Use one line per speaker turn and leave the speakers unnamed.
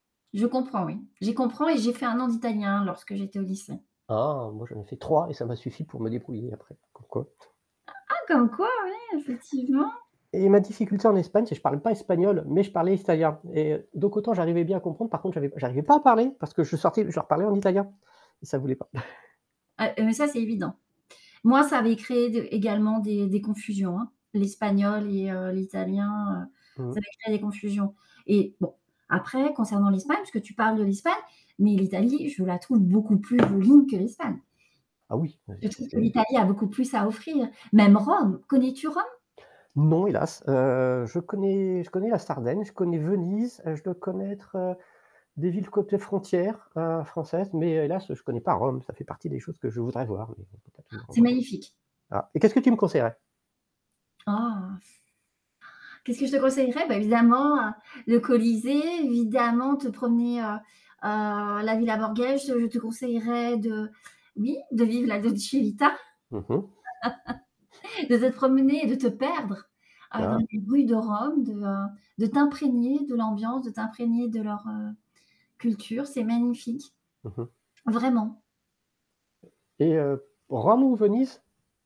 Je comprends oui. J’ai comprends et j'ai fait 1 an d'italien lorsque j'étais au lycée.
Ah! Moi j'en ai fait 3 et ça m'a suffi pour me débrouiller après. Comme quoi.
Ah! Comme quoi ouais, effectivement!
Et ma difficulté en Espagne, c'est je parle pas espagnol, mais je parlais italien. Et heu, donc autant j'arrivais bien à comprendre par contre j'avais j'arrivais pas à parler, parce que je sortais je leur parlais en italien et ça voulait pas.
Ah, heu, ça, c'est évident. Moi, ça avait créé d également des des confusions, hein. L'espagnol et heu, l'italien, heu, ça
Mmh.
avait créé des confusions. Et bon, après concernant l'Espagne, puisque tu parles de l'Espagne, mais l'Italie, je la trouve beaucoup plus jolie que l'Espagne.
Ah oui. Ah c'est
Je
c'est
trouve que
c'est
l'Italie a beaucoup plus à offrir, même Rome. Connais-tu Rome?
Non hélas, heu, je connais je connais la Sardaigne, je connais Venise, heu, je dois connaître, heu, des villes côté frontières, heu, françaises, mais, heu, hélas je connais pas Rome, ça fait partie des choses que je voudrais voir, mais on peut pas tout
C'est
encore
magnifique!
ah, et qu'est-ce que tu me conseillerais?
Ah! Qu'est-ce que je te conseillerais? Bah, évidemment, heu, le Colisée, évidemment, te promener, heu heu, à la Villa Borghese. Je te conseillerais de oui, de vivre la Dolce Vita.
Mmh mh.
De te promener et de te perdre, heu dans
Ah!
les rues de Rome, de heu de t'imprégner de l'ambiance, de t'imprégner de leur, heu, culture. C'est magnifique,
Mmh mh.
vraiment.
Et heu, Rome ou Venise?